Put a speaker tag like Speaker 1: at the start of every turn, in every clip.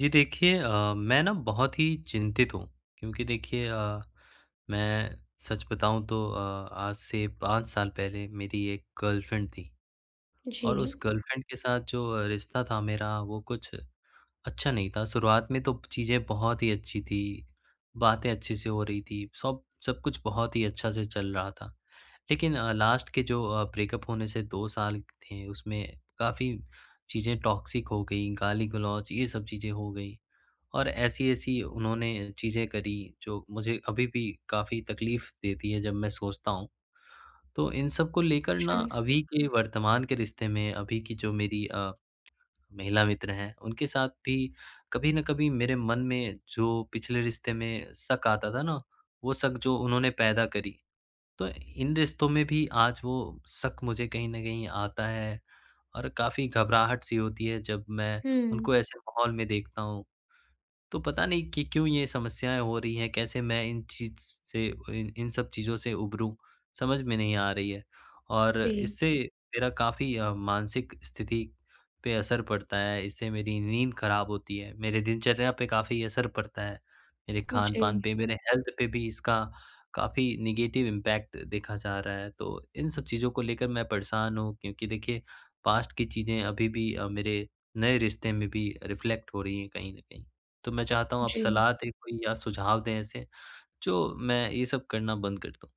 Speaker 1: जी देखिए। अ, मैं ना बहुत ही चिंतित हूँ। क्योंकि देखिए अ, मैं सच बताऊँ तो अ, आज से 5 साल पहले मेरी एक गर्लफ्रेंड थी। और उस
Speaker 2: जी।
Speaker 1: गर्लफ्रेंड के साथ जो रिश्ता था मेरा वो कुछ अच्छा नहीं था। शुरुआत में तो चीज़ें बहुत ही अच्छी थी, बातें अच्छे से हो रही थी, सब सब कुछ बहुत ही अच्छा से चल रहा था। लेकिन अ, लास्ट के जो अ, ब्रेकअप होने से 2 साल थे उसमें काफ़ी चीज़ें टॉक्सिक हो गई, गाली-गलौच ये सब चीज़ें हो गई। और ऐसी-ऐसी उन्होंने चीज़ें करी जो मुझे अभी भी काफ़ी तकलीफ़ देती है, जब मैं सोचता हूँ। तो इन सब को लेकर ना
Speaker 2: अच्छा।
Speaker 1: अभी के वर्तमान के रिश्ते में, अभी की जो मेरी अ, महिला मित्र हैं उनके साथ भी कभी न कभी मेरे मन में जो पिछले रिश्ते में शक आता था ना, वो शक जो उन्होंने पैदा करी। तो इन रिश्तों में भी आज वो शक मुझे कहीं न कहीं आता है और काफ़ी घबराहट-सी होती है जब मैं
Speaker 2: हुँ।
Speaker 1: उनको ऐसे माहौल में देखता हूँ। तो पता नहीं कि क्यों ये समस्याएँ हो रही हैं, कैसे मैं इन चीज़ से ओइन इन सब चीज़ों से उबरूँ समझ में नहीं आ रही है। और
Speaker 2: जी।
Speaker 1: इससे मेरा काफ़ी अ, मानसिक स्थिति पे असर पड़ता है, इससे मेरी नींद खराब होती है, मेरे दिनचर्या पे काफ़ी असर पड़ता है, मेरे खान-पान
Speaker 2: जी।
Speaker 1: पे, मेरे हेल्थ पे भी इसका काफ़ी नेगेटिव इम्पैक्ट देखा जा रहा है। तो इन सब चीज़ों को लेकर मैं परेशान हूँ। क्योंकि देखिए पास्ट की चीज़ें अभी भी अ, मेरे नए रिश्ते में भी रिफ्लेक्ट हो रही हैं कहीं न कहीं। तो मैं चाहता हूँ आप
Speaker 2: जी।
Speaker 1: सलाह दें कोई या सुझाव दें? ऐसे जो मैं ये सब करना बंद कर दूँ।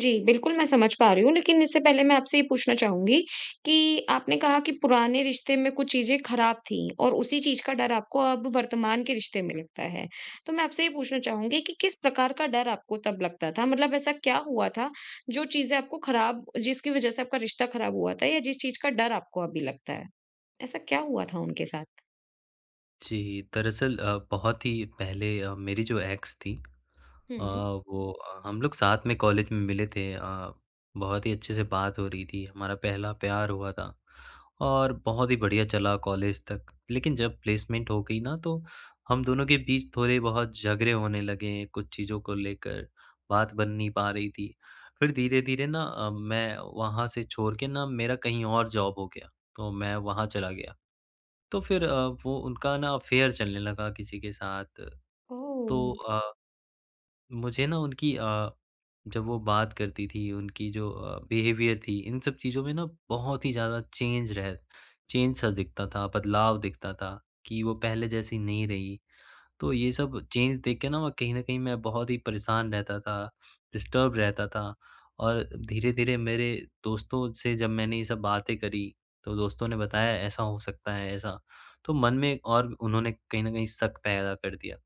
Speaker 2: जी बिल्कुल, मैं समझ पा रही हूँ, लेकिन इससे पहले मैं आपसे ये पूछना चाहूँगी कि आपने कहा कि पुराने रिश्ते में कुछ चीज़ें ख़राब थीं और उसी चीज़ का डर आपको अब वर्तमान के रिश्ते में लगता है। तो मैं आपसे ये पूछना चाहूँगी कि किस प्रकार का डर आपको तब लगता था, मतलब ऐसा क्या हुआ था, जो चीज़ें आपको ख़राब जिसकी वजह से आपका रिश्ता ख़राब हुआ था या जिस चीज़ का डर आपको अभी लगता है। ऐसा क्या हुआ था उनके साथ?
Speaker 1: जी। दरअसल अ, बहुत ही पहले अ, मेरी जो एक्स थीं अ,
Speaker 2: हुँ।
Speaker 1: वो अ, हम लोग साथ में कॉलेज में मिले थे अ, बहुत ही अच्छे से बात हो रही थी हमारा पहला प्यार हुआ था। और बहुत ही बढ़िया चला कॉलेज तक, लेकिन जब प्लेसमेंट हो गई ना, तो हम दोनों के बीच थोड़े-बहुत झगड़े होने लगे, कुछ चीज़ों को लेकर बात बन नहीं पा रही थी। फ़िर धीरे-धीरे ना अ, मैं वहाँ से छोड़ के ना मेरा कहीं और जॉब हो गया तो मैं वहाँ चला गया। तो फ़िर वो उनका ना अफ़ेयर चलने लगा किसी के साथ।
Speaker 2: ओह!
Speaker 1: तो अ, मुझे ना उनकी अ, जब वो बात करती थी उनकी जो अ, बिहेवियर थी इन सब चीज़ों में ना बहुत ही ज़्यादा चेंज रह चेंज सा दिखता था बदलाव दिखता था, कि वो पहले जैसी नहीं रही। तो ये सब चेंज देख के ना कहीं न कहीं मैं बहुत ही परेशान रहता था डिस्टर्ब रहता था। और धीरे-धीरे मेरे दोस्तों से जब मैंने ये सब बातें करी, तो दोस्तों ने बताया ऐसा हो सकता है ऐसा, तो मन में और उन्होंने कहीं न कहीं शक पैदा कर दिया।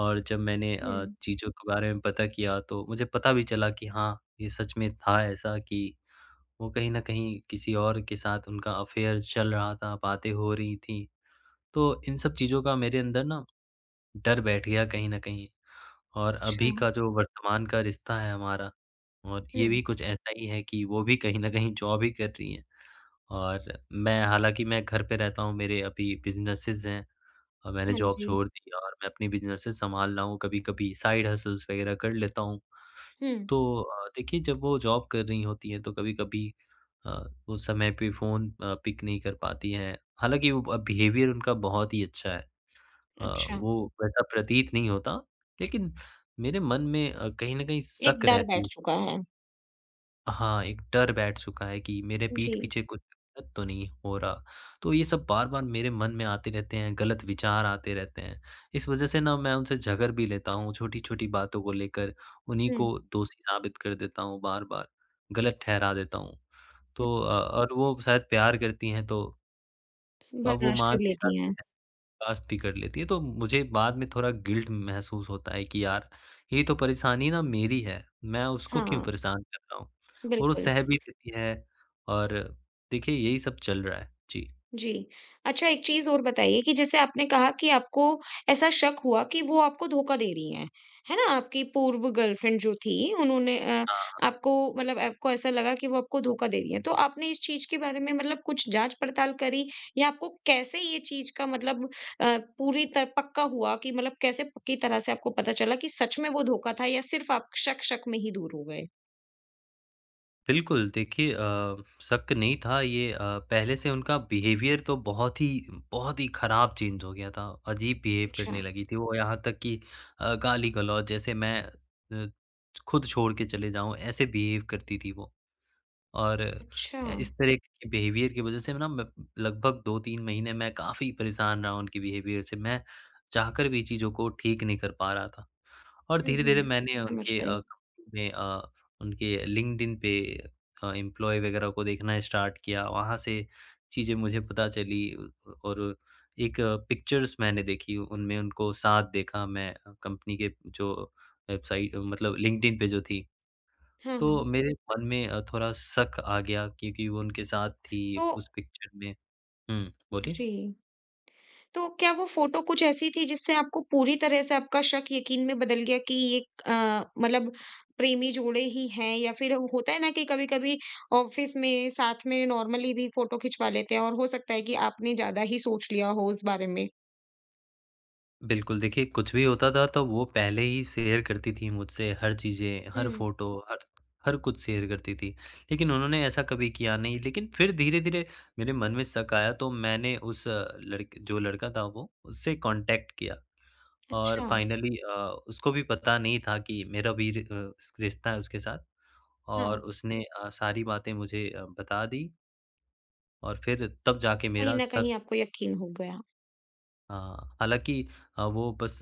Speaker 1: और जब मैंने अ,
Speaker 2: हुँ।
Speaker 1: चीज़ों के बारे में पता किया तो मुझे पता भी चला कि हाँ ये सच में था ऐसा कि वो कहीं न कहीं किसी और के साथ उनका अफ़ेयर चल रहा था, बातें हो रही थी। तो इन सब चीज़ों का मेरे अंदर ना डर बैठ गया कहीं न कहीं। और अभी
Speaker 2: अच्छा।
Speaker 1: का जो वर्तमान का रिश्ता है हमारा और ये
Speaker 2: हुँ।
Speaker 1: भी कुछ ऐसा ही है कि, वो भी कहीं न कहीं जॉब ही कर रही हैं। और मैं हालाँकि मैं घर पे रहता हूँ मेरे अभी बिज़नेसेस हैं और मैंने
Speaker 2: हाँ
Speaker 1: जॉब
Speaker 2: जी।
Speaker 1: छोड़ दी और मैं अपनी बिज़नेसेस संभाल रहा हूँ कभी-कभी साइड हसल्स वग़ैरह कर लेता हूँ।
Speaker 2: हुँ।
Speaker 1: तो अ, देखिए जब वो जॉब कर रही होती है तो कभी-कभी अ, उस समय पे फ़ोन अ, पिक नहीं कर पाती हैं, हालाँकि वो बिहेवियर उनका बहुत ही अच्छा है। अ,
Speaker 2: अच्छा।
Speaker 1: वो वैसा प्रतीत नहीं होता, लेकिन मेरे मन में अ, कहीं न कहीं
Speaker 2: एक
Speaker 1: शक
Speaker 2: डर
Speaker 1: रहती
Speaker 2: बैठ
Speaker 1: है।
Speaker 2: चुका है।
Speaker 1: अ, हाँ एक डर बैठ चुका है कि मेरे पीठ
Speaker 2: जी।
Speaker 1: पीछे कुछ गलत तो नहीं हो रहा तो ये सब बार-बार मेरे मन में आते रहते हैं, गलत विचार आते रहते हैं। इस वज़ह से ना मैं उनसे झगड़ भी लेता हूँ, छोटी-छोटी बातों को लेकर उन्हीं
Speaker 2: हुँ।
Speaker 1: को दोषी साबित कर देता हूँ बार-बार, गलत ठहरा देता हूँ
Speaker 2: हुँ।
Speaker 1: तो अ और वो शायद प्यार करती हैं तो
Speaker 2: स
Speaker 1: अब वो
Speaker 2: बर्दाश्त
Speaker 1: मान
Speaker 2: कर
Speaker 1: भी
Speaker 2: लेती
Speaker 1: जाती
Speaker 2: हैं।
Speaker 1: है, बर्दाश्त कर लेती है। तो मुझे बाद में थोड़ा गिल्ट महसूस होता है कि यार ये तो परेशानी न मेरी है, मैं उसको क्यों
Speaker 2: हाँ।
Speaker 1: परेशान कर रहा हूँ? वो
Speaker 2: बिल्कुल।
Speaker 1: सह भी लेती है और देखिए यही सब चल रहा है। जी।
Speaker 2: जी। अच्छा, एक चीज़ और बताइए कि जैसे आपने कहा कि आपको ऐसा शक हुआ कि वो आपको धोखा दे रही हैं, है ना? आपकी पूर्व गर्लफ्रेंड जो थी उन्होंने अ,
Speaker 1: हाँ।
Speaker 2: आपको मतलब आपको ऐसा लगा कि वो आपको धोखा दे रही हैं। तो आपने इस चीज़ के बारे में मतलब कुछ जाँच-पड़ताल करी या आपको कैसे ये चीज़ का मतलब अ, पूरी त पक्का हुआ कि मतलब कैसे पक्की तरह से आपको पता चला कि सच में वो धोखा था या सिर्फ आप शक शक में ही दूर हो गए?
Speaker 1: बिल्कुल। देखिए अ, शक नहीं था ये अ, पहले से उनका बिहेवियर तो बहुत ही बहुत ही ख़राब चेंज हो गया था। अजीब बिहेव करने
Speaker 2: अच्छा।
Speaker 1: लगी थी। वो यहाँ तक की अ, गाली-गलौच जैसे मैं अ, छ खुद छोड़ के चले जाऊँ, ऐसे बिहेव करती थी वो। और
Speaker 2: अच्छा।
Speaker 1: अ, इस तरह के बिहेवियर की वज़ह से ना मैं लगभग 2-3 महीने में काफी परेशान रहा उनके बिहेवियर से, मैं चाहकर भी चीज़ों को ठीक नहीं कर पा रहा था। और
Speaker 2: हुँ, हुँ,
Speaker 1: धीरे-धीरे
Speaker 2: हुँ।
Speaker 1: मैंने
Speaker 2: समझ
Speaker 1: उनके अ,
Speaker 2: गयी।
Speaker 1: में अ, उनके लिंक्ड-इन पे अ, एम्प्लॉयी वग़ैरह को देखना स्टार्ट किया, वहाँ से चीज़ें मुझे पता चली और एक पिक्चर्स मैंने देखी उनमें उनको साथ देखा मैं कंपनी के जो वेबसाइट मतलब लिंक्ड-इन पे जो थी
Speaker 2: हाँ, हाँ।
Speaker 1: तो मेरे मन में थोड़ा शक आ गया क्योंकि वो उनके साथ थी,
Speaker 2: वो
Speaker 1: उस पिक्चर में हुँ, बोलिए?
Speaker 2: जी। तो क्या वो फ़ोटो कुछ ऐसी थी जिससे आपको पूरी तरह से आपका शक यकीन में बदल गया कि एक अ, मतलब प्रेमी जोड़े ही हैं? या फिर होता है ना कि कभी-कभी ऑफ़िस में साथ में नॉर्मली भी फ़ोटो खिचवा लेते हैं और हो सकता है कि आपने ज़्यादा ही सोच लिया हो इस बारे में।
Speaker 1: बिल्कुल। देखिए, कुछ भी होता था तो वो पहले ही शेयर करती थी मुझसे, हर चीज़ें, हर
Speaker 2: हुँ।
Speaker 1: फोटो, हर हर कुछ शेयर करती थी। लेकिन उन्होंने ऐसा कभी किया नहीं। लेकिन फिर धीरे-धीरे मेरे मन में शक आया तो मैंने उस लड़क जो लड़का था वो उससे कॉन्टैक्ट किया और
Speaker 2: अच्छा।
Speaker 1: फाइनली अ, उसको भी पता नहीं था कि मेरा भी रि अ, रिश्ता है उसके साथ। और
Speaker 2: हाँ।
Speaker 1: उसने अ, सारी बातें मुझे अ, बता दी। और फिर तब जाके
Speaker 2: कहीं
Speaker 1: मेरा
Speaker 2: न
Speaker 1: शक
Speaker 2: कहीं आपको यकीन हो गया।
Speaker 1: हाँ। हालाँकि अ, वो बस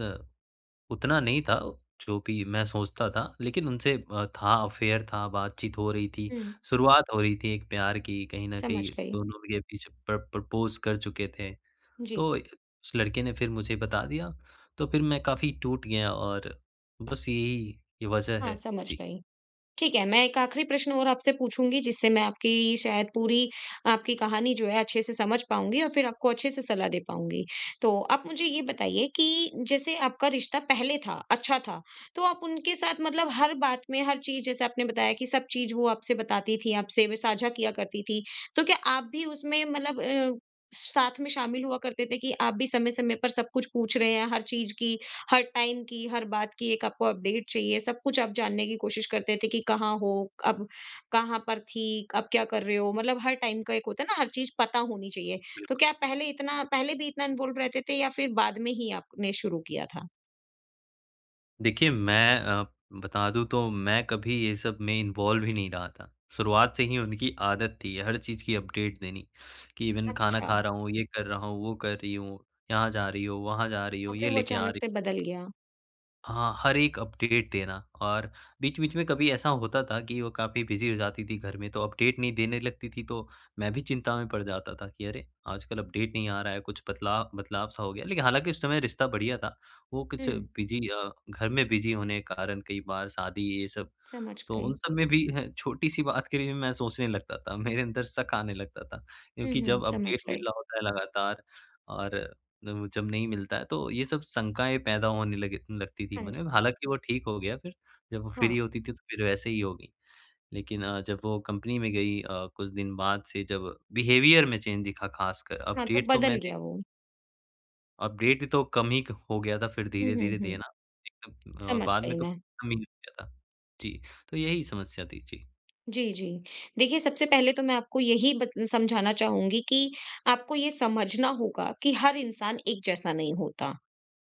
Speaker 1: उतना नहीं था जो भी मैं सोचता था। लेकिन उनसे अ, था अफेयर था, बातचीत हो रही थी।
Speaker 2: हुँ।
Speaker 1: शुरुआत हो रही थी एक प्यार की कहीं न
Speaker 2: समझ
Speaker 1: कहीं
Speaker 2: गयी।
Speaker 1: दोनों के बीच प्र प्रपोज़ कर चुके थे।
Speaker 2: जी।
Speaker 1: तो उस लड़के ने फिर मुझे बता दिया तो फिर मैं काफ़ी टूट गया और बस यही, ये वजह
Speaker 2: हाँ,
Speaker 1: है।
Speaker 2: समझ
Speaker 1: जी।
Speaker 2: गई। ठीक है मैं एक आखिरी प्रश्न और आपसे पूछूँगी जिससे मैं आपकी शायद पूरी आपकी कहानी जो है अच्छे से समझ पाऊँगी और फिर आपको अच्छे से सलाह दे पाऊँगी। तो आप मुझे ये बताइए कि जैसे आपका रिश्ता पहले था, अच्छा था तो आप उनके साथ मतलब हर बात में हर चीज़ जैसे आपने बताया कि सब चीज़ वो आपसे बताती थी आपसे वे साझा किया करती थीं, तो क्या आप भी उसमें मतलब अ, साथ में शामिल हुआ करते थे? कि आप भी समय-समय पर सब कुछ पूछ रहे हैं, हर चीज़ की, हर टाइम की, हर बात की, एक आपको अपडेट चाहिए, सब कुछ आप जानने की कोशिश करते थे कि कहाँ हो? अब कहाँ पर थी? अब क्या कर रहे हो? मतलब हर टाइम का एक होता है ना हर चीज़ पता होनी चाहिए। तो
Speaker 1: बिल्कुल।
Speaker 2: क्या आप पहले इतना पहले भी इतना इन्वॉल्व रहते थे? या फिर बाद में ही आपने शुरू किया था?
Speaker 1: देखिए मैं अ, बता दूँ तो मैं कभी ये सब में इन्वॉल्व ही नहीं रहा था। शुरुआत से ही उनकी आदत थी हर चीज़ की अपडेट देनी कि इवेन खाना
Speaker 2: अच्छा।
Speaker 1: खा रहा हूँ, ये कर रहा हूँ। वो कर रही हो, यहाँ जा रही हो, वहाँ जा रही हो,
Speaker 2: और फिर
Speaker 1: ये
Speaker 2: वो
Speaker 1: लेके आ
Speaker 2: अचानक
Speaker 1: रही
Speaker 2: से बदल गया।
Speaker 1: हाँ, हर एक अपडेट देना और बीच-बीच में कभी ऐसा होता था कि वो काफ़ी बिज़ी हो जाती थी घर में, तो अपडेट नहीं देने लगती थी। तो मैं भी चिंता में पड़ जाता था कि अरे! आजकल अपडेट नहीं आ रहा है। कुछ बदला बदलाव-सा हो गया, लेकिन हालाँकि उस समय रिश्ता बढ़िया था। वो कुछ
Speaker 2: हुँ।
Speaker 1: बिज़ी अ, घर में बिज़ी होने के कारण कई बार शादी ये सब
Speaker 2: समझ
Speaker 1: तो उन
Speaker 2: गई।
Speaker 1: सब में भी छोटी-सी बात के लिए मैं सोचने लगता था। मेरे अंदर शक आने लगता था
Speaker 2: हुँ,
Speaker 1: क्योंकि
Speaker 2: हुँ।
Speaker 1: जब
Speaker 2: समझ
Speaker 1: अपडेट
Speaker 2: गई।
Speaker 1: मिल रहा होता है लगातार और जब नहीं मिलता है, तो ये सब शंकाएँ पैदा होने लगी लगती थी
Speaker 2: हाँ
Speaker 1: मन
Speaker 2: जी।
Speaker 1: में। हालाँकि वो ठीक हो गया फ़िर जब वो
Speaker 2: हाँ।
Speaker 1: फ्री होती थी, तो फ़िर वैसे ही होगी। लेकिन अ, जब वो कंपनी में गई अ, कुछ दिन बाद से जब बिहेवियर में चेंज दिखा ख़ासकर
Speaker 2: हाँ, तो
Speaker 1: अपडेट तो
Speaker 2: बदल
Speaker 1: मैंने
Speaker 2: गया वो।
Speaker 1: अपडेट ही तो कम ही हो गया था फ़िर
Speaker 2: हुँ, हुँ,
Speaker 1: धीरे-धीरे
Speaker 2: हुँ।
Speaker 1: देना। एकदम अ,
Speaker 2: समझ
Speaker 1: बाद
Speaker 2: गयी
Speaker 1: में तो
Speaker 2: मैं।
Speaker 1: कम ही हो गया था। जी, तो यही समस्या थी। जी।
Speaker 2: जी, जी। देखिए, सबसे पहले तो मैं आपको यही बत समझाना चाहूँगी कि आपको ये समझना होगा कि हर इंसान एक जैसा नहीं होता।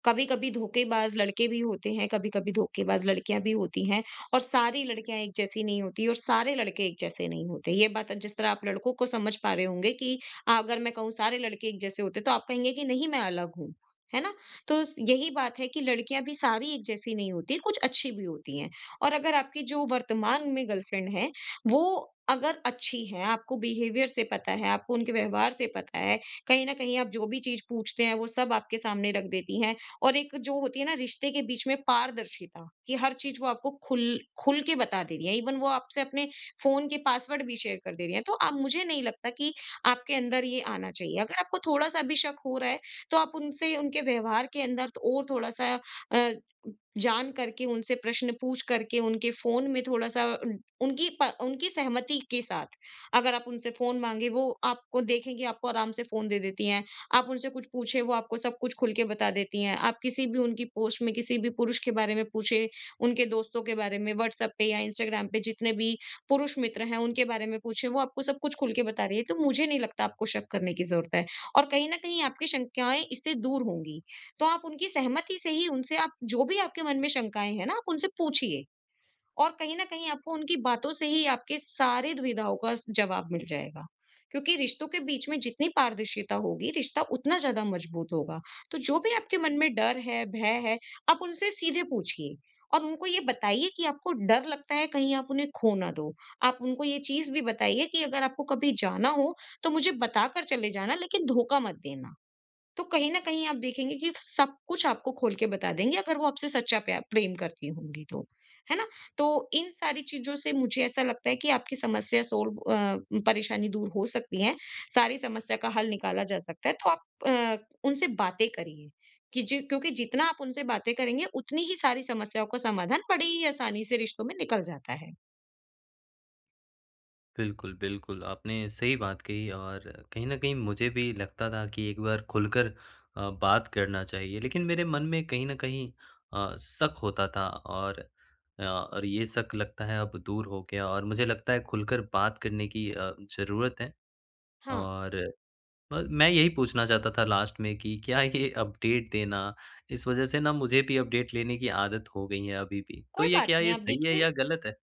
Speaker 2: कभी-कभी धोखेबाज़ लड़के भी होते हैं, कभी-कभी धोखेबाज़ लड़कियाँ भी होती हैं और सारी लड़कियाँ एक जैसी नहीं होतीं और सारे लड़के एक जैसे नहीं होते। ये बात जिस तरह आप लड़कों को समझ पा रहे होंगे कि अ, अगर मैं कहूँ सारे लड़के एक जैसे होते हैं तो आप कहेंगे कि नहीं मैं अलग हूँ, है ना? तो यही बात है कि लड़कियाँ भी सारी एक जैसी नहीं होती कुछ अच्छी भी होती हैं और अगर आपकी जो वर्तमान में गर्लफ्रेंड है वो अगर अच्छी हैं आपको बिहेवियर से पता है, आपको उनके व्यवहार से पता है कहीं न कहीं आप जो भी चीज़ पूछते हैं वो सब आपके सामने रख देती हैं। और एक जो होती है ना रिश्ते के बीच में पारदर्शिता कि हर चीज़ वो आपको ख़ुल ख़ुल के बता दे रही हैं। ईवन वो आपसे अपने फ़ोन के पासवर्ड भी शेयर कर दे रही हैं। तो अब मुझे नहीं लगता कि आपके अंदर ये आना चाहिए। अगर आपको थोड़ा-सा भी शक हो रहा है तो आप उनसे उनके व्यवहार के अंदर और थोड़ा-सा अ, जान करके उनसे प्रश्न पूछ करके उनके फ़ोन में थोड़ा-सा उनकी पा उनकी सहमति के साथ, अगर आप उनसे फ़ोन माँगे वो आपको देखेंगे आपको आराम से फ़ोन दे देती हैं। आप उनसे कुछ पूछें वो आपको सब कुछ ख़ुल के बता देती हैं। आप किसी भी उनकी पोस्ट में किसी भी पुरुष के बारे में पूछें उनके दोस्तों के बारे में व्हाट्सएप पे या इंस्टाग्राम पे जितने भी पुरुष मित्र हैं उनके बारे में पूछें वो आपको सब कुछ ख़ुल के बता रही हैं। तो मुझे नहीं लगता आपको शक करने की ज़रूरत है और कहीं न कहीं आपकी शंकाएँ इससे दूर होंगी। तो आप उनकी सहमति से ही उनसे आप जो भी आपके मन में शंकाएँ हैं ना आप उनसे पूछिए। और कहीं न कहीं आपको उनकी बातों से ही आपके सारे दुविधाओं का जवाब मिल जाएगा क्योंकि रिश्तों के बीच में जितनी पारदर्शिता होगी रिश्ता उतना ज़्यादा मज़बूत होगा। तो जो भी आपके मन में डर है भय है आप उनसे सीधे पूछिए और उनको ये बताइए कि आपको डर लगता है कहीं आप उन्हें खो ना दो। आप उनको ये चीज़ भी बताइए कि अगर आपको कभी जाना हो तो मुझे बता कर चले जाना लेकिन धोखा मत देना। तो कहीं न कहीं आप देखेंगे कि सब कुछ आपको खोल के बता देंगे अगर वो आपसे सच्चा प्या प्रेम करती होंगी तो है ना? तो इन सारी चीज़ों से मुझे ऐसा लगता है कि आपकी समस्या सॉल्व अ, परेशानी दूर हो सकती है सारी समस्या का हल निकाला जा सकता है। तो आप अ, उनसे बातें करिए कि ज क्योंकि जितना आप उनसे बातें करेंगे उतनी ही सारी समस्याओं का समाधान बड़े ही आसानी से रिश्तों में निकल जाता है।
Speaker 1: बिल्कुल, बिल्कुल। आपने सही बात कही और कहीं न कहीं मुझे भी लगता था कि एक बार खुलकर अ, बात करना चाहिए। लेकिन मेरे मन में कहीं न कहीं अ, शक होता था और अ और ये शक लगता है अब दूर हो गया और मुझे लगता है खुलकर बात करने की अ, ज़रूरत है।
Speaker 2: हाँ।
Speaker 1: और ब मैं यही पूछना चाहता था लास्ट में कि क्या ये अपडेट देना इस वज़ह से ना मुझे भी अपडेट लेने की आदत हो गई है अभी भी। तो
Speaker 2: कोई
Speaker 1: ये
Speaker 2: बात
Speaker 1: क्या
Speaker 2: नहीं
Speaker 1: ये
Speaker 2: आप
Speaker 1: सही है
Speaker 2: देखिए
Speaker 1: या ग़लत है?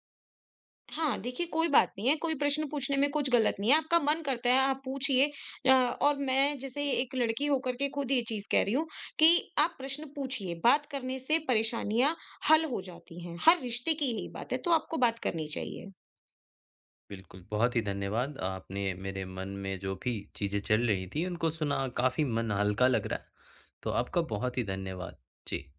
Speaker 2: हाँ, देखिए कोई बात नहीं है। कोई प्रश्न पूछने में कुछ ग़लत नहीं है। आपका मन करता है, आप पूछिए अ, और मैं जैसे एक लड़की होकर के खुद ये चीज़ कह रही हूँ कि आप प्रश्न पूछिए। बात करने से परेशानियाँ हल हो जाती हैं। हर रिश्ते की यही बात है, तो आपको बात करनी चाहिए।
Speaker 1: बिल्कुल, बहुत ही धन्यवाद। आपने मेरे मन में जो भी चीज़ें चल रही थीं उनको सुना और काफ़ी मन हल्का लग रहा है। तो आपका बहुत ही धन्यवाद। जी।